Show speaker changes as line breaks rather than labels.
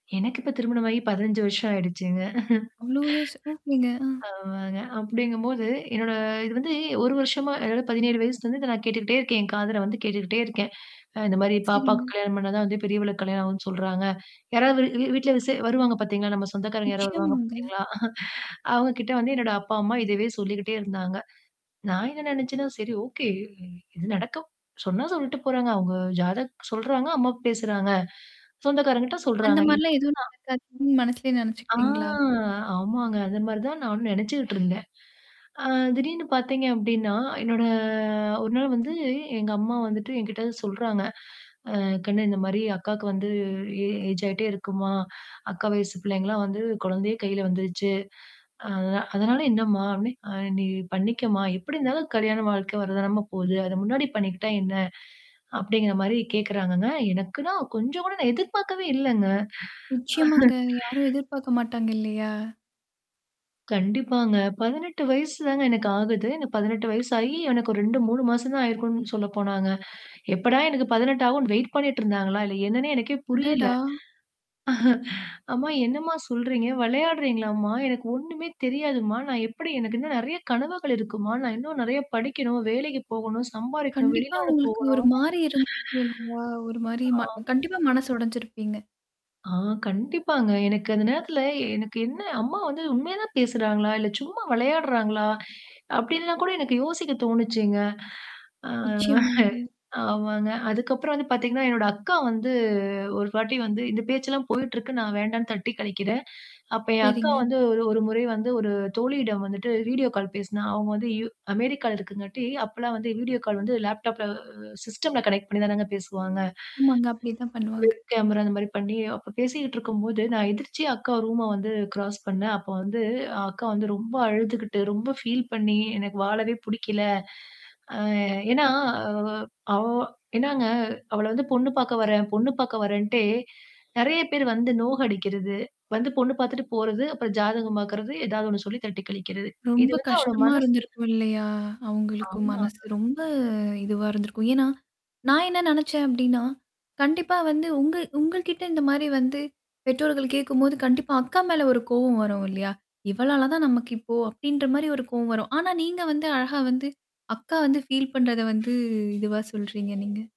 எனக்கு இப்ப திருமணமாகி 15 வருஷம் ஆயிடுச்சுங்க.
அவ்ளோ வயசு ஓகேங்க.
அ. ஆமாங்க. அப்டிங்கும்போது, என்னோட இது வந்து ஒரு வருஷமா அதாவது 17 வயசுலருந்து இத நான் கேட்டுக்கிட்டே இருக்கேன். என் காதல வந்து கேட்டுக்கிட்டே இருக்கேன். அ இந்த மாரி "பாப்பாக்கு
சரிங்க.
கல்யாணம் பண்ணா தான் வந்து பெரியவளுக்கு கல்யாணம் ஆகும்ன்னு சொல்றாங்க". யாராவது வீட்ல விசே வருவாங்க பார்த்தீங்களா, நம்ம சொந்தக்காரங்க யாராவது வருவாங்க
நிச்சயமாங்க.
பார்த்தீங்களா? அவங்க கிட்ட வந்து என்னோட அப்பா, அம்மா இதவே சொல்லிக்கிட்டே இருந்தாங்க. நான் என்ன நெனச்சேன்னா சரி ஓகே இது நடக்க சொன்னா சொல்லிட்டு போறாங்க. அவங்க ஜாதக் சொல்றாங்க அம்மாவு பேசுறாங்க. சொந்தக்காரங்கிட்ட
அந்த
சொல்றாங்க.
மாரிலாம்
இத்தா
ஏதும் நடக்காதுன்னு மனசுலேயே
ஆ
நினச்சுக்கிட்டீங்களா?
ஆமாங்க. அந்த மாரி தான் நானும் நினச்சுட்டுருந்தேன். அ திடீர்னு பார்த்தீங்க அப்டின்னா, என்னோட ஒரு நாள் வந்து எங்க அம்மா வந்துட்டு என்கிட்ட வந்து சொல்றாங்க. "அ கண்ணு இந்த மாரி அக்காக்கு வந்து ஏ ஏஜ் ஆயிட்டே இருக்குமா. அக்கா வயசு பிள்ளைங்கலாம் வந்து குழந்தையே கையில வந்துருச்சு". "அத அதனால என்னம்மா? அப்டே அப்டி அ நீ பண்ணிக்கம்மா? எப்படி இருந்தாலும் கல்யாணம் வாழ்க்கை வரதானம போகுது. அத முன்னாடி பண்ணிக்கிட்டா என்ன? அப்படிங்கிற மாரி" கேட்கறாங்கங்க. எனக்குன்னா கொஞ்சம் கூட நான் எதிர்பார்க்கவே இல்லங்க.
நிச்சயமாங்க. யாரும்
ஆஹ.
எதிர்பார்க்க மாட்டாங்க இல்லையா?
கண்டிப்பாங்க. 18 வயசு தாங்க எனக்கு ஆகுது. இந்த 18 வயசாயி எனக்கு ஒரு 2, 3 மாசம் தான் ஆயிருக்கும்னு சொல்ல போனாங்க. எப்படா எனக்கு 18 ஆகும்னு வெயிட் பண்ணிட்டு இருந்தாங்களா? இல்ல என்னன்னே எனக்கே புரியல.
அடடா!
"அம்மா என்னம்மா சொல்றீங்க? விளையாடுறீங்களாம்மா? எனக்கு ஒண்ணுமே தெரியாதுமா? நான் எப்படி எனக்கு இன்னும் நெறைய கனவுகள் இருக்குமா? நான் இன்னும் நறைய படிக்கணும். வேலைக்கு போகணும் சம்பாரிக்கணும்.
கண்டிப்பா
வெளிநாடு
உங்களுக்கு
போகணும்.
ஒரு மாரி இருந்துருக்கும் இல்லையா? ஒரு மாரி
ச.
ம
ஆ."
கண்டிப்பா மனசு உடைஞ்சிருப்பீங்க.
ஆ கண்டிப்பாங்க. எனக்கு அந்த நேரத்தில எனக்கு என்ன அம்மா வந்து உண்மைய தான் பேசுறாங்களா? இல்ல சும்மா விளையாடுறாங்களா? அப்படின்னுலாம் கூட எனக்கு யோசிக்க தோணுச்சுங்க.
நிச்சயமாங்க.
ஆ. ஆமாங்க. அதுக்கப்புறம் வந்து பார்த்தீங்கன்னா, என்னோட அக்கா வந்து ஒரு வாட்டி வந்து இந்த பேச்சல்லாம் போயிட்டுருக்கு. நான் வேண்டான்னு தட்டி கழிக்கிறேன். அப்ப என் அக்கா
சரிங்க.
வந்து ஒரு ஒரு முறை வந்து ஒரு தோழியிடம் வந்துட்டு வீடியோ கால் பேசினா. அவங்க வந்து யூ அமெரிக்கால இருக்குங்காட்டி அப்பலாம் வந்து வீடியோ கால் வந்து லேப்டாப்ல சிஸ்டம்ல கனெக்ட் பண்ணி தானங்க பேசுவாங்க.
ஆமாங்க. அப்படித்தான் பண்ணுவாங்க.
வெப் கேமரா அ இந்த மாரி பண்ணி, அப்ப பேசிக்கிட்டு இருக்கும்போது நான் எதிர்ச்சியா அக்கா ரூம வந்து கிராஸ் பண்ணேன். அப்போ வந்து அக்கா வந்து ரொம்ப அழுதுகிட்டு ரொம்ப ஃபீல் பண்ணி எனக்கு வாழவே புடிக்கல. அ ஏன்னா அ அவ என்னாங்க அவள வந்து பொண்ணு பார்க்க வரேன். பொண்ணு பார்க வரேன்டே. நெறைய பேர் வந்து நோக அடிக்கிறது. வந்து பொண்ணு பார்த்துட்டு போறது, அப்புறம் ஜாதகம் பாார்க்கறது, ஏதாவது ஒண்ணு சொல்லி தட்டி கழிக்கிறது. இது
ரொம்ப
வந்து அவள
கஷ்டமா
மனசு
இருந்திருக்கும் இல்லையா? அவங்களுக்கும் மனசு.
ஆமாங்க.
ரொம்ப இதுவா இருந்திருக்கும். ஏன்னா? நான் என்ன நினச்சேன் அப்டின்னா? கண்டிப்பா வந்து உங்க உங்க கிட்ட இந்த மாரி வந்து. பெற்றோர்கள் கேட்கும்போது கண்டிப்பா அக்கா மேல ஒரு கோவம் வரும் இல்லையா? இவளால தான் நமக்கு இப்போ அப்படின்ற மாரி ஒரு கோவம் வரும். ஆனா நீங்க வந்து அழகா வந்து அக்கா வந்து ஃபீல் பண்றத வந்து இதுவா சொல்றீங்க நீங்க?